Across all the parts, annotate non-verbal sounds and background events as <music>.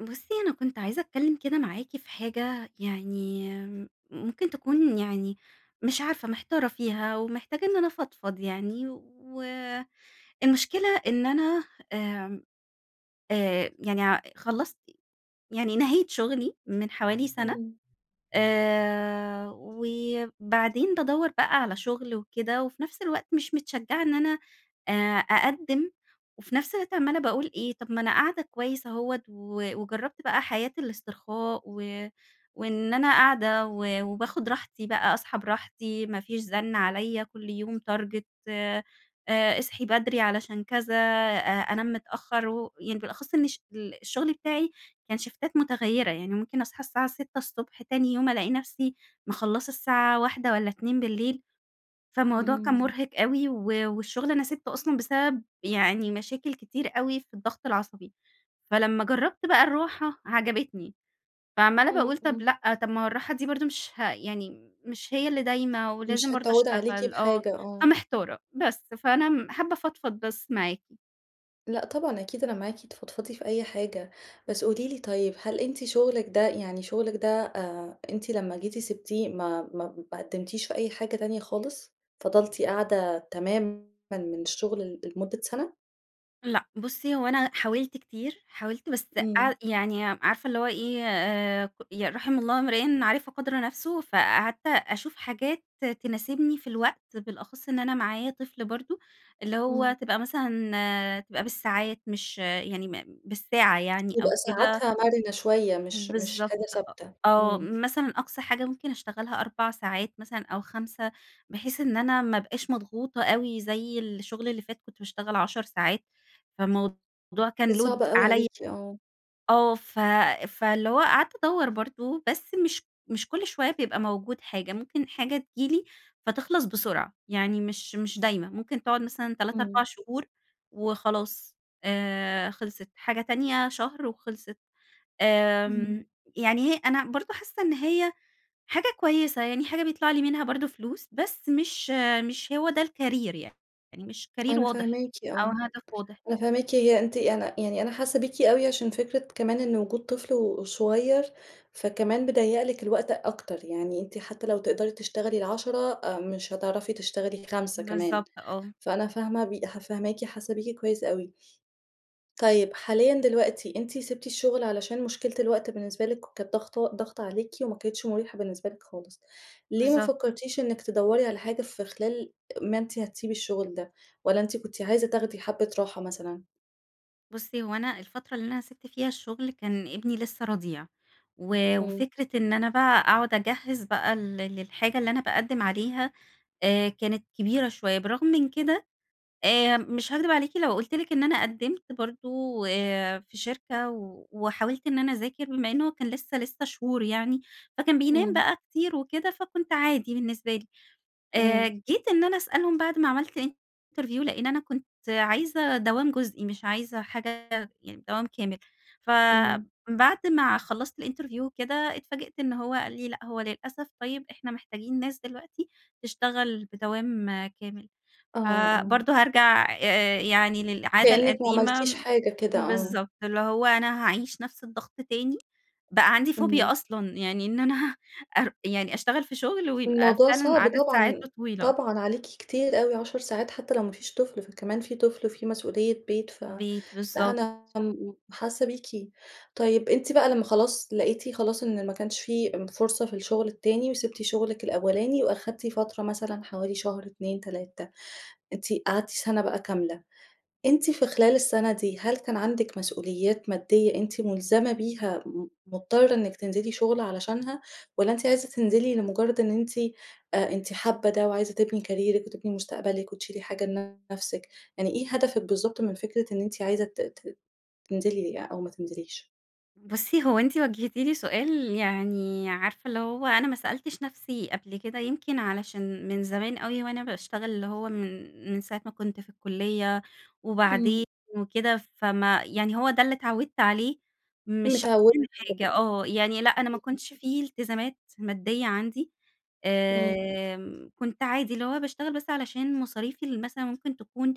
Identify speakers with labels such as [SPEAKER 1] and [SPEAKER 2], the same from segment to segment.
[SPEAKER 1] بُصي أنا كنت عايزة أتكلم كده معاكِ في حاجة يعني ممكن تكون يعني مش عارفة محتارة فيها، ومحتاجة إن أنا أفضفض يعني و المشكلة إن أنا آمم آآ، يعني ع خلّصت يعني نهيت شغلي من حوالي سنة
[SPEAKER 2] إمم.
[SPEAKER 1] آآ، وبعدين بادوّر بقى على شغل وكده، وفي نفس الوقت مش متشجعة إن أنا آآ، أقدِّم وفي نفس الوقت عمَّالة باقول إيه طب ما أنا قاعدة كويس أهوَّة، ووجرّبت بقى حياة الإسترخاء و وإن أنا قاعدة و وباخد راحتي بقى اصحى براحتي، ما فيش زنّ عليَّ كل يوم target آآ، اصحي بدري علشان كذا أ أنام متأخر و يعني بالأخص إن ش ال الشغل بتاعي كان شيفتات متغيرة، يعني ممكن اصحى الساعة 6:00 ص تاني يوم ألاقي نفسي مخلَّصة الساعة 01:00 والَّا 02:00 فموضوع كان
[SPEAKER 2] إمم.
[SPEAKER 1] مرهق اوي و والشغل أنا سِبته أصلًا بسبب يعني مشاكل كتير اوي في الضغط العصبي، فلمّا جرّبت بقى الراحة عجبتني، فعمّالة
[SPEAKER 2] إمم،
[SPEAKER 1] باقول طب
[SPEAKER 2] إمم.
[SPEAKER 1] لأ، طب ما هو الراحة دي برضه مش ه يعني مش هي اللي دايمة ولازم
[SPEAKER 2] مش
[SPEAKER 1] برضه
[SPEAKER 2] هتعود عليكِ
[SPEAKER 1] أشتغل آه
[SPEAKER 2] بحاجة، آه.
[SPEAKER 1] فمحتارة، بس فأنا م حابة أفضفض بس معاكِ.
[SPEAKER 2] لأ طبعًا أكيد أنا معاكِ، تفضفضي في أي حاجة، بس قولي لي طيب، هل أنتِ شُغلِك ده يعني شُغلِك ده آآ أنتِ لمّا جيتِ سيبتيه ما ما ما قدمتيش في أي حاجة تانية خالص؟ فضلتِ قاعدة تمامًا من الشغل ل لمدة سنة؟
[SPEAKER 1] لأ بُصّي هو أنا حاولت كتير، حاولت بس
[SPEAKER 2] إمم.
[SPEAKER 1] قع يعني عارفة اللي هو إيه آآ ي رَحِم الله امرئٍ عرف قدر نفسه، فقعدت أشوف حاجات تناسبني في الوقت بالأخص إن أنا معايا طفل برضه، اللي
[SPEAKER 2] إمم.
[SPEAKER 1] هو تبقى مثلًا تبقى بالساعات، مش يعني م بالساعة يعني أو
[SPEAKER 2] يبقى
[SPEAKER 1] كده.
[SPEAKER 2] ساعاتها مَرِنة شوية مش مش
[SPEAKER 1] بالضبط
[SPEAKER 2] حاجة
[SPEAKER 1] أ
[SPEAKER 2] ثابتة،
[SPEAKER 1] آه،
[SPEAKER 2] إمم.
[SPEAKER 1] مثلًا أقصى حاجة ممكن أشتغلها 4 ساعات مثلًا أو 5، بحيث إن أنا ما أبقاش مضغوطة أوي زي الشغل اللي فات كنت باشتغل 10 ساعات، فالموضوع كان
[SPEAKER 2] كانت
[SPEAKER 1] load
[SPEAKER 2] صعبة أوي
[SPEAKER 1] عليَّ.
[SPEAKER 2] عليكِ، آه.
[SPEAKER 1] آه، ف فاللي هو قعدت أدوَّر برضه، بس مش مش كل شوية بيبقى موجود حاجة، ممكن حاجة تيجي لي فتخلص بسرعة، يعني مش مش دايمة، ممكن تقعد مثلًا 3، 4
[SPEAKER 2] إمم.
[SPEAKER 1] شهور وخلاص آآ خلصِت، حاجة تانية شهر وخلصِت، آمم،
[SPEAKER 2] إمم.
[SPEAKER 1] يعني هي أنا برضه حاسة إن هي حاجة كويسة، يعني حاجة بيطلع لي منها برضه فلوس، بس مش مش هو ده الكارير يعني، يعني مش كارير
[SPEAKER 2] أنا
[SPEAKER 1] واضح
[SPEAKER 2] فاهماكِ
[SPEAKER 1] أو
[SPEAKER 2] آه،
[SPEAKER 1] هدف واضح.
[SPEAKER 2] أنا فاهماكِ هي أنتِ أنا يعني أنا حاسة بيكِ أوي عشان فكرة كمان إن وجود طفل وصغير، فكمان بيضّيق لِك الوقت أكتر، يعني أنتِ حتى لو تقدري تشتغلي ال10، مش هتعرفي تشتغلي 5 كمان،
[SPEAKER 1] بالضبط، آه.
[SPEAKER 2] فأنا فاهمة بي ح فاهماكِ، حاسة بيكِ كويس أوي. طيب حاليًا دلوقتي أنتِ سيبتِ الشغل علشان مشكلة الوقت بالنسبة لِك ك كانت ضاغطة ضاغطة عليكِ وما كانِتش مُريحة بالنسبة لِك خالص. ليه ما
[SPEAKER 1] بالضبط.
[SPEAKER 2] فكرتيش إنِك تدَّوري على حاجة في خلال ما أنتِ هتسيبي الشغل ده، والّا أنتِ كنتِ عايزة تاخدي حبة راحة مثلًا؟
[SPEAKER 1] بصي هو أنا الفترة اللي أنا سِبت فيها الشغل كان ابني لسه رضيع، و
[SPEAKER 2] إمم.
[SPEAKER 1] وفكرة إن أنا بقى أقعد أجهِّز بقى ل للحاجة اللي أنا باقدِّم عليها، آآ، كانت كبيرة شوية، بالرغم من كده آآ، مش هاكدب عليكِ لو قلت لِك إن أنا قدِّمت برضه، آآ، في شركة وحاولت إن أنا اذاكر بما إن هو كان لسه لسه شهور يعني، فكان بينام
[SPEAKER 2] إمم.
[SPEAKER 1] بقى كتير وكده فكنت عادي بالنسبة لي، آآ،
[SPEAKER 2] إمم.
[SPEAKER 1] جيت إن أنا أسألهم بعد ما عملت interview لأن أنا كنت عايزة دوام جزئي مش عايزة حاجة يعني دوام كامل،
[SPEAKER 2] إمم.
[SPEAKER 1] فبعد ما خلصت الInterview وكده اتفاجئت إن هو قال لي: "لأ هو للأسف طيب إحنا محتاجين ناس دلوقتي تشتغل بدوام كامل،"
[SPEAKER 2] آه، آه.
[SPEAKER 1] فبرضه هارجع يعني للعادة
[SPEAKER 2] كأنِك ما عملتيش
[SPEAKER 1] القديمة
[SPEAKER 2] حاجة كده، آه.
[SPEAKER 1] بالضبط اللي هو أنا هاعيش نفس الضغط تاني، بقى عندي Phobia
[SPEAKER 2] إمم.
[SPEAKER 1] أصلًا يعني إن أنا ار يعني اشتغل في شغل ويبقى
[SPEAKER 2] الموضوع
[SPEAKER 1] فعلًا
[SPEAKER 2] صعب،
[SPEAKER 1] عدد
[SPEAKER 2] طبعًا
[SPEAKER 1] ساعاته طويلة.
[SPEAKER 2] طبعًا عليكِ كتير أوي 10 ساعات حتى لو ما فيش طفل، فكمان في طفل وفي مسؤولية بيت،
[SPEAKER 1] بيت، بالضبط.
[SPEAKER 2] فأنا <unintelligible> حاسَّة بيكِ، طيب أنتِ بقى لما خلاص لقيتِ خلاص إن ما كانش في فرصة في الشغل التاني، وسبتِ شغلِك الأولاني واخدتِ فترة مثلًا حوالي شهر، 2، 3 أنتِ قعدتي سنة بقى كاملة، أنتِ في خلال السنة دي هل كان عندِك مسؤوليات مادية أنتِ ملزمة بيها م مضطرة إنِك تنزلي شغل علشانها، والَّا أنتِ عايزة تنزلي لمجرد إن أنتِ أنتِ حابة ده وعايزة تبني كاريرِك وتبني مستقبلِك وتشيلي حاجة لنفسِك، يعني إيه هدفِك بالضبط من فكرة إن أنتِ عايزة ت ت تنزلي أو ما تنزليش؟
[SPEAKER 1] بُصّي هو أنتِ وجهتِ لي سؤال يعني عارفة اللي هو أنا ما سألتش نفسي قبل كده، يمكن علشان من زمان أوي وأنا باشتغل اللي هو من من ساعة ما كنت في الكُلية
[SPEAKER 2] امم.
[SPEAKER 1] وبعدين وكده، فما يعني هو ده اللي اتعودت عليه، مش
[SPEAKER 2] متعودة
[SPEAKER 1] <unintelligible> حاجة، آه، يعني لأ أنا ما
[SPEAKER 2] <unintelligible>
[SPEAKER 1] كنتش في التزامات مادية عندي،
[SPEAKER 2] امم.
[SPEAKER 1] آمم، كنت عادي اللي هو باشتغل بس علشان مصاريفي ال مثلًا ممكن تكون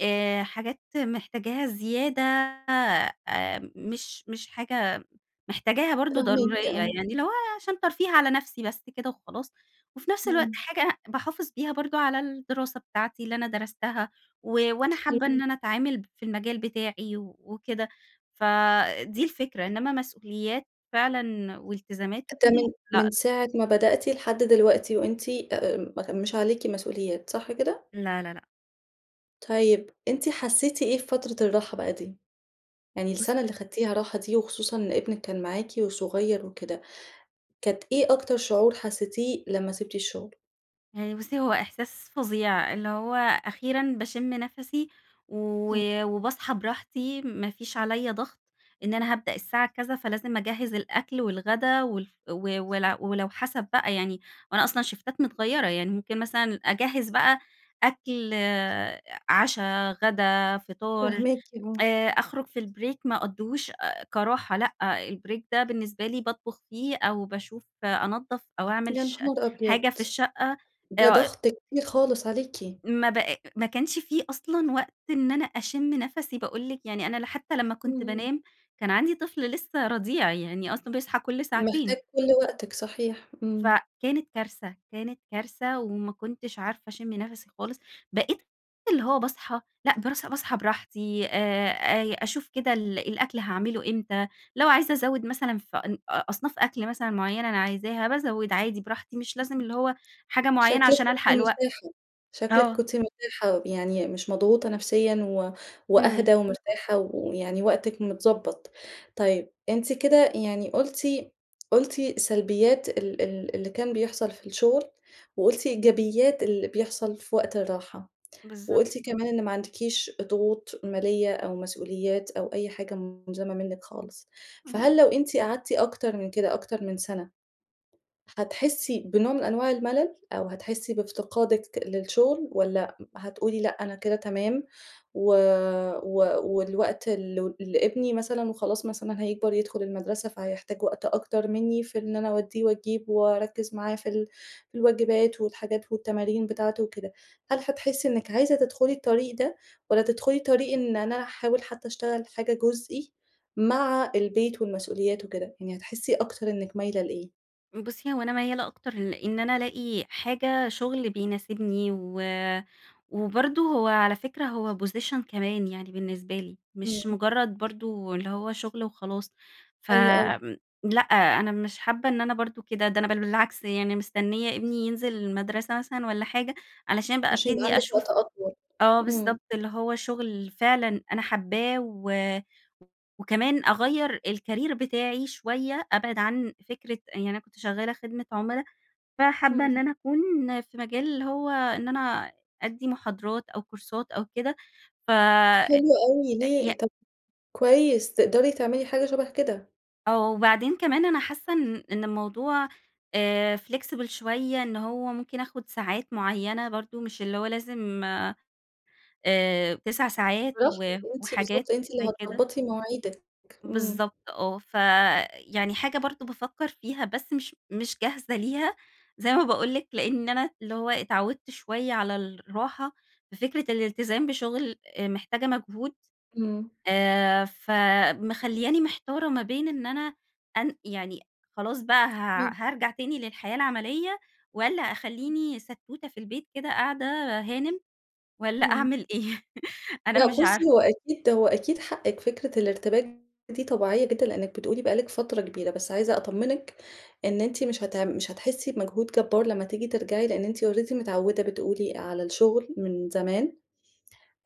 [SPEAKER 1] آآ حاجات محتاجاها زيادة آآ مش مش حاجة محتاجاها برضه
[SPEAKER 2] فاهماكِ
[SPEAKER 1] ضرورية
[SPEAKER 2] آه.
[SPEAKER 1] يعني اللي هو عشان ترفيه على نفسي بس كده وخلاص، وفي نفس الوقت
[SPEAKER 2] امم.
[SPEAKER 1] حاجة باحافظ بيها برضه على الدراسة بتاعتي اللي أنا درستها، و وأنا
[SPEAKER 2] <unintelligible>
[SPEAKER 1] حابة إن أنا أتعامل ب في المجال بتاعي وكده. فدي الفكرة إنما مسؤوليات فعلًا والتزامات
[SPEAKER 2] ده
[SPEAKER 1] وكده،
[SPEAKER 2] من من
[SPEAKER 1] لأ.
[SPEAKER 2] ساعة ما بدأتِ لحد دلوقتي وأنتِ آآ م مش عليكِ مسؤوليات، صح كده؟
[SPEAKER 1] لا، لا، لأ.
[SPEAKER 2] طيب أنتِ حسيتِ إيه في فترة الراحة بقى دي؟ يعني السنة
[SPEAKER 1] بُصّي
[SPEAKER 2] اللي خدتيها راحة دي وخصوصًا ابنِك كان معاكِ وصغير وكده، كانت إيه أكتر شعور حسيتيه لمّا سِبتِ الشغل؟
[SPEAKER 1] يعني بُصّي هو إحساس فظيع، اللي هو أخيرًا باشم نفَسي و
[SPEAKER 2] امم.
[SPEAKER 1] وباصحى براحتي، ما فيش عليَّ ضغط إن أنا هابدأ الساعة كذا فلازم أجهِز الأكل والغدا والف و ولو ولو حسب بقى يعني، وأنا أصلًا شِفتات متغيرة، يعني ممكن مثلًا أجهِز بقى أكل عشا، غدا، فطار،
[SPEAKER 2] فاهماكِ، آه.
[SPEAKER 1] آآ أخرج في البريك ما أقضّيهوش آآ كراحة لأ، البريك ده بالنسبة لي باطبخ فيه، أو باشوف أنضَّف أو أعمل
[SPEAKER 2] يا
[SPEAKER 1] ش
[SPEAKER 2] نهار أبيض!
[SPEAKER 1] حاجة في الشقة،
[SPEAKER 2] ده
[SPEAKER 1] آآ
[SPEAKER 2] ضغط كتير خالص عليكِ.
[SPEAKER 1] ما بق ما كانش في أصلًا وقت إن أنا أشم نفَسي، باقول لِك يعني أنا ل حتى لمّا كُنت
[SPEAKER 2] اهم.
[SPEAKER 1] بانام، كان عندي طفل لسه رضيع، يعني أصلًا بيصحى كل
[SPEAKER 2] محتاج
[SPEAKER 1] ساعتين.
[SPEAKER 2] كل وقتِك، صحيح، إمم.
[SPEAKER 1] فكانت كارثة، كانت كارثة وما كُنتش عارفة أشم نفَسي خالص. بقيت اللي هو باصحى لأ، برَص باصحى براحتي، آآ أ أشوف كده ال الأكل هاعمله إمتى، لو عايزة أزوِد مثلًا في أن أ أصناف أكل مثلًا مُعيّنة أنا عايزاها، بازوِد عادي براحتي، مش لازم اللي
[SPEAKER 2] <unintelligible>
[SPEAKER 1] هو حاجة مُعيّنة
[SPEAKER 2] شكلِك
[SPEAKER 1] عشان ألحَق
[SPEAKER 2] كُنتِ
[SPEAKER 1] الوقت.
[SPEAKER 2] مرتاحة، شكلِك
[SPEAKER 1] آه.
[SPEAKER 2] كُنتِ مرتاحة يعني مش مضغوطة نفسيًا و
[SPEAKER 1] إمم.
[SPEAKER 2] وأهدى ومرتاحة ويعني وقتِك متضبط. طيب أنتِ كده يعني قُلتِ قُلتِ سلبيات ال ال اللي كان بيحصل في الشغل، وقُلتِ إيجابيات اللي بيحصل في وقت الراحة،
[SPEAKER 1] بالضب
[SPEAKER 2] وقُلتِ كمان، إن ما عندكيش ضغوط مالية، أو مسؤوليات أو أي حاجة مُلزَمَة منِك خالص. فهل
[SPEAKER 1] اهم.
[SPEAKER 2] لو أنتِ قعدتِ أكتر من كده، أكتر من سنة، هتحسي بنوع من أنواع الملل، أو هتحسي بافتقادِك للشُغل والّا هتقولي لأ، أنا كده تمام و و والوقت ل لإبني مثلًا وخلاص مثلًا هيكبر يدخل المدرسة، فهيحتاج وقت أكتر منّي في إن أنا أودّيه وأجيبه، وأركِز معاه في ال في الواجبات، والحاجات والتمارين بتاعته وكده. هل هتحسي إنِك عايزة تِدخُلي الطريق ده والّا تِدخُلي طريق إن أنا هاحاول حتى أشتغل حاجة جُزئي، مع البيت والمسؤوليات وكده. يعني هتحسي أكتر إنِك مايلة لإيه؟
[SPEAKER 1] بصي، هو أنا ميَّالة أكتر لإن أنا الاقي حاجة شغل بيناسبني و وبرضه هو على فكرة هو position كمان يعني بالنسبة لي، مش
[SPEAKER 2] إمم.
[SPEAKER 1] مجرد برضه اللي هو شغل وخلاص
[SPEAKER 2] حلو أوي.
[SPEAKER 1] فآمم، لأ أنا مش حابّة إن أنا برضه كده ده أنا بل بالعكس يعني مستنية ابني ينزل المدرسة مثلًا والَّا حاجة، علشان بقى
[SPEAKER 2] عشان يبقى
[SPEAKER 1] ابتدي
[SPEAKER 2] عندِك وقت
[SPEAKER 1] أشوف
[SPEAKER 2] أطول،
[SPEAKER 1] آه
[SPEAKER 2] إمم.
[SPEAKER 1] بالضبط، اللي هو شغل فعلًا أنا حابَّاه و وكمان أغيَّر الcareer بتاعي شوية أبعد عن فكرة يعني أنا كنت شغالة خدمة عُملا، فحابَّة إن
[SPEAKER 2] همم.
[SPEAKER 1] أنا أكون في مجال اللي هو إن أنا أدّي محاضرات أو كورسات أو كده فأ أ
[SPEAKER 2] حلو أوي،
[SPEAKER 1] ي
[SPEAKER 2] ليه طب كويس تقدري تعملي حاجة شبه كده.
[SPEAKER 1] آه، وبعدين كمان أنا حاسَّة إن إن الموضوع آآ، flexible شوية إن هو ممكن آخد ساعات معيّنة برضه مش اللي هو لازم آآ، 9 ساعات و
[SPEAKER 2] <unintelligible> أنتِ
[SPEAKER 1] وحاجات
[SPEAKER 2] بالضبط، أنتِ اللي
[SPEAKER 1] زي كده.
[SPEAKER 2] هتضبطي مواعِيدك، إمم.
[SPEAKER 1] بالضبط، آه ف يعني حاجة برضه بافكَّر فيها بس مش مش جاهزة ليها زي ما باقول لِك لإن أنا اللي هو اتعوِّدت شوية على الراحة، ففكرة الالتزام بشغل محتاجة مجهود،
[SPEAKER 2] إمم.
[SPEAKER 1] آآ، فمخلياني محتارة ما بين إن أنا أن يعني خلاص بقى ه
[SPEAKER 2] تمام.
[SPEAKER 1] هارجع تاني للحياة العملية، والَّا اخليني ستوتة في البيت كده قاعدة هانم والَّا
[SPEAKER 2] إمم.
[SPEAKER 1] أعمل إيه، <laughs> أنا
[SPEAKER 2] لأ
[SPEAKER 1] مش عارفة.
[SPEAKER 2] بصي، هو أكيد هو أكيد حقِك فكرة الارتباك دي طبيعية جدًا لإنِك بتقولي بقى لك فترة كبيرة، بس عايزة أطمنِك إن أنتِ مش هتع مش هتحسي بمجهود جبار لما تيجي ترجعي لإن أنتِ already متعودة بتقولي على الشغل من زمان،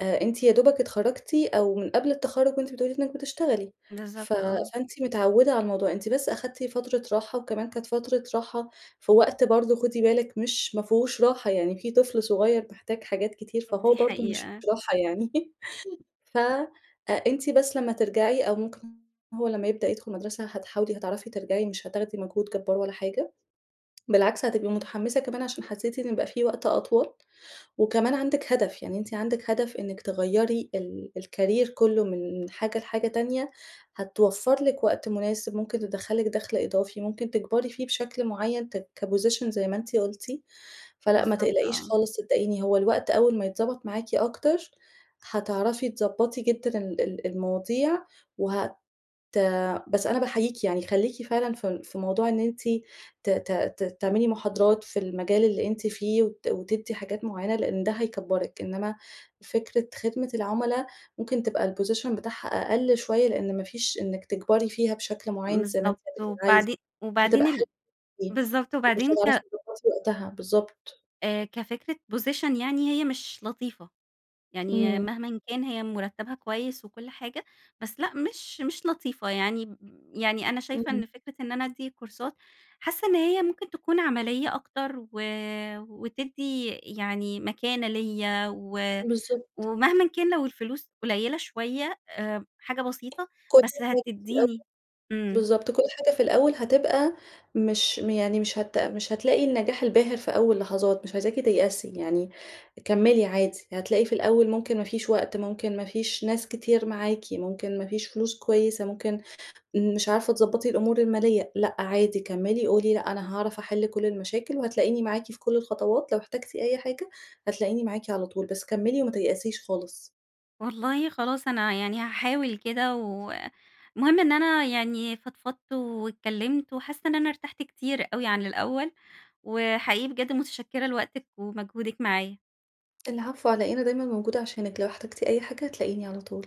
[SPEAKER 2] أ أنتِ يا دوبك اتخرجتِ أو من قبل التخرُّج وأنتِ بتقولي إنِك بتشتغلي، ف
[SPEAKER 1] بالضبط، آه.
[SPEAKER 2] فأنتِ متعودة على الموضوع، أنتِ بس اخدتِ فترة راحة وكمان كانت فترة راحة في وقت برضه خدي بالِك مش ما فيهوش راحة يعني في طفل صغير محتاج حاجات كتير، فهو
[SPEAKER 1] دي
[SPEAKER 2] برضه مش
[SPEAKER 1] حقيقة.
[SPEAKER 2] في راحة يعني <laughs> ف أنتِ بس لما ترجعي أو ممكن هو لما يبدأ يدخل المدرسة هتحاولي هتعرفي ترجعي مش هتاخدي مجهود جبار ولا حاجة، بالعكس هتبقى متحمِّسة كمان عشان حسيتِ إن بقى في وقت أطول وكمان عندِك هدف، يعني أنتِ عندِك هدف إنِك تغيّري ال الcareer كله من حاجة لحاجة تانية هتوفر لِك وقت مناسب ممكن تدخّل لِك دخل إضافي ممكن تكبري فيه بشكل معين كposition زي ما أنتِ قُلتِ، فلأ ما
[SPEAKER 1] بالضبط،
[SPEAKER 2] تقلقيش
[SPEAKER 1] آه.
[SPEAKER 2] خالص صدقيني هو الوقت أول ما يتضبط معاكِ أكتر هتعرفي تضبطي جدًا ال ال المواضيع وهت بس أنا باحييكِ يعني خليكِ فعلًا في في موضوع إن أنتِ ت ت ت تعملي محاضرات في المجال اللي أنتِ فيه، وت وتدّي حاجات معينة لإن ده هيكبّرِك، إنما فكرة خدمة العملا ممكن تبقى الposition بتاعها أقل شوية لإن ما فيش إنك تكبري فيها بشكل معيَّن، زي ما أنتِ
[SPEAKER 1] بالضبط،
[SPEAKER 2] هتبقي عايزة،
[SPEAKER 1] وبعدين
[SPEAKER 2] مش
[SPEAKER 1] وبعدين
[SPEAKER 2] هتبقى
[SPEAKER 1] ال
[SPEAKER 2] حلوة أوي
[SPEAKER 1] بالضبط،
[SPEAKER 2] ومش
[SPEAKER 1] وبعدين
[SPEAKER 2] هتعرفي
[SPEAKER 1] ك
[SPEAKER 2] تضبطي وقتها، بالضبط.
[SPEAKER 1] آآ، كفكرة position يعني هي مش لطيفة، يعني
[SPEAKER 2] إمم.
[SPEAKER 1] مهمًا كان هي مرتبها كويس وكل حاجة، بس لأ مش مش لطيفة يعني يعني أنا شايفة
[SPEAKER 2] إمم.
[SPEAKER 1] إن فكرة إن أنا أدّي كورسات حاسة إن هي ممكن تكون عمليّة أكتر، و وتدّي يعني مكانة ليَّ و
[SPEAKER 2] بالضبط.
[SPEAKER 1] ومهمًا كان لو الفلوس قليلة شوية حاجة بسيطة،
[SPEAKER 2] كل
[SPEAKER 1] بس
[SPEAKER 2] حاجة في الأول،
[SPEAKER 1] هتديني إمم.
[SPEAKER 2] بالضبط، كل حاجة في الأول هتبقى مش يعني مش هت مش هتلاقي النجاح الباهر في أول لحظات مش عايزاكِ تيأسي يعني كمِّلي عادي، هتلاقي في الأول ممكن ما فيش وقت ممكن ما فيش ناس كتير معاكِ، ممكن ما فيش فلوس كويسة، ممكن مش عارفة تضبطي الأمور المالية، لأ عادي كمِّلي قولي لأ أنا هاعرف أحل كل المشاكل، وهتلاقيني معاكِ في كل الخطوات لو احتجتِ أي حاجة، هتلاقيني معاكِ على طول بس كمّلي وما تيأسيش خالص.
[SPEAKER 1] والله خلاص أنا يعني هاحاول كده، و المهم إن أنا يعني فضفضت واتكلِّمت، وحاسة إن أنا ارتحت كتير أوي عن الأول، وحقيقي بجد متشكرة لوقتِك ومجهودِك معايا.
[SPEAKER 2] العفو على إيه، أنا دايمًا موجودة عشانِك، لو احتجتِ أي حاجة هتلاقيني على طول.